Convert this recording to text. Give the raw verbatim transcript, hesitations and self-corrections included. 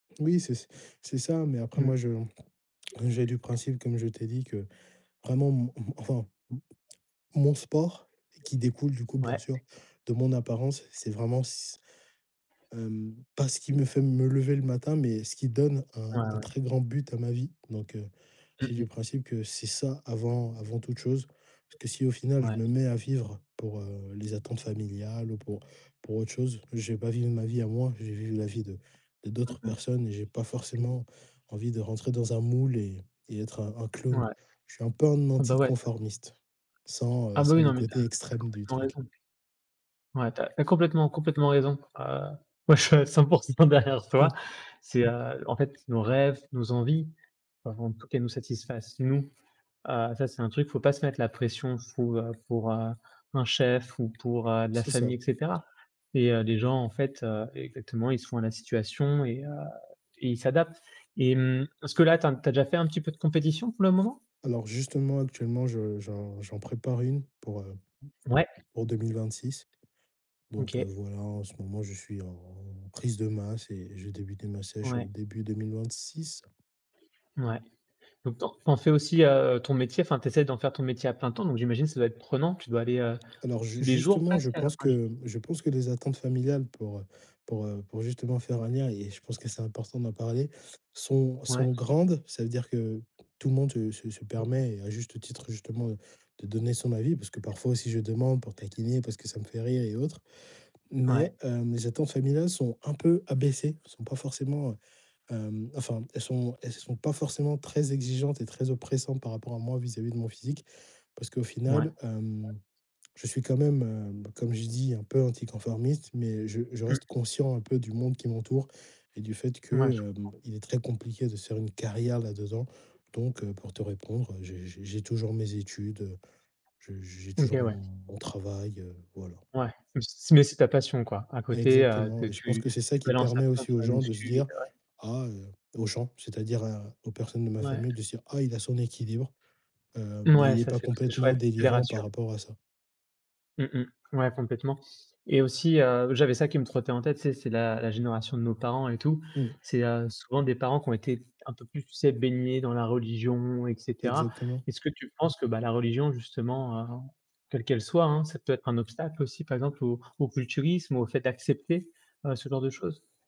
Oui, c'est c'est ça. Mais après, Mmh. moi je j'ai du principe, comme je t'ai dit, que vraiment m m enfin, m mon sport, qui découle du coup, bien Ouais. sûr, de mon apparence, c'est vraiment c hem, pas ce qui me fait me lever le matin mais ce qui donne Ouais, un un ouais. très grand but à ma vie. Donc heu, Mmh j'ai du mh. principe que c'est ça, avant avant toute chose. Parce que si, au final, je Ouais. me mets à vivre pour, heu, les attentes familiales ou pour pour autre chose. Je vais pas vivre ma vie à moi, je vais vivre la vie de de Mmh d'autres mh. personnes et j'ai pas Mmh mh. forcément envie de rentrer dans un moule et et être un un clown. Ouais. Je suis un peu un Ah bah ouais. anticonformiste sans, Ah heu, bah, sans oui, le non mais tu as côté tu as extrême du complètement truc. raison. Ouais, tu as tu as complètement complètement raison. Ah moi je suis à cent pour cent derrière toi. Mmh. C'est, heu, en fait, nos rêves, nos envies, enfin bon, faut qu'elle nous satisfasse nous. Ah, ça c'est un truc, faut pas se mettre la pression pour, heu, pour, heu, un chef ou pour, heu, la C'est ça. famille et cetera et heu, les gens en fait, heu, exactement, ils se font à la situation et heu et ils s'adaptent et mmh, est-ce que là, tu as tu as déjà fait un petit peu de compétition pour le moment? Alors justement, actuellement, je j'en j'en prépare une pour, heu, Ouais. pour deux mille vingt-six. Donc heu, OK. voilà, en ce moment, je suis en prise de masse et j'ai débuté ma sèche, heu, Ouais. début deux mille vingt-six. Ouais. Donc tu en tu en fais aussi, heu, ton métier, enfin, tu essaies d'en faire ton métier à plein temps, donc j'imagine ça doit être prenant? Tu dois aller, heu, Alors ju tous les jours justement, je presque? Enfin pense j'i que je pense que les attentes familiales pour, heu, pour, heu, pour justement faire un lien et je pense que c'est important d'en parler, sont Ouais. sont grandes. Ça veut dire que tout le monde se se se Mmh. permet et à juste titre, justement, heu, de donner son avis, parce que parfois aussi, je demande pour taquiner parce que ça me fait rire et autre. Ouais. Mais, heu, mes attentes familiales sont un peu abaissées, elles sont pas forcément, heu, hem, enfin, elles sont elles sont pas forcément très exigeantes et très oppressantes par rapport à moi, vis-à-vis de mon physique. Parce qu'au Ouais. final, hem, je suis quand même, heu, comme j'ai dis, un peu anticonformiste, mais je je Mmh. reste conscient un peu, du monde qui m'entoure et du fait Ouais, je que, comprends. hem, il est très compliqué de faire une carrière là-dedans. Donc heu, pour te répondre, heu, j'ai j'ai j'ai toujours mes études, heu, j'ai j'ai OK, toujours ouais. mon mon travail, heu, voilà. Ouais, mais c mais c'est ta passion quoi? À côté, heu, que Exactement et je pense tu que que c'est ça, tu qui balances à permet fond aussi sur aux la gens de se muscu et dire: ouais. «Ah» aux gens, c'est-à-dire à aux personnes de ma Ouais. famille de se dire: «Ah, il a son équilibre. Heu, mais Mouais, il est ça pas c'est c'est complètement chouette, ça les délirant par rassure! rapport à ça». Mmh mh. Ouais complètement et aussi, heu, j'avais ça qui me trottait en tête, c'est c'est la la génération de nos parents et tout. Mmh. C'est, heu, souvent des parents qui ont été un peu plus, tu sais, baignés dans la religion et cetera. Exactement. Est-ce que tu penses que, bah, la religion justement, heu, quelle qu'elle soit hein, ça peut être un obstacle aussi? Par exemple, au au culturisme ou au fait d'accepter, heu, ce genre de choses?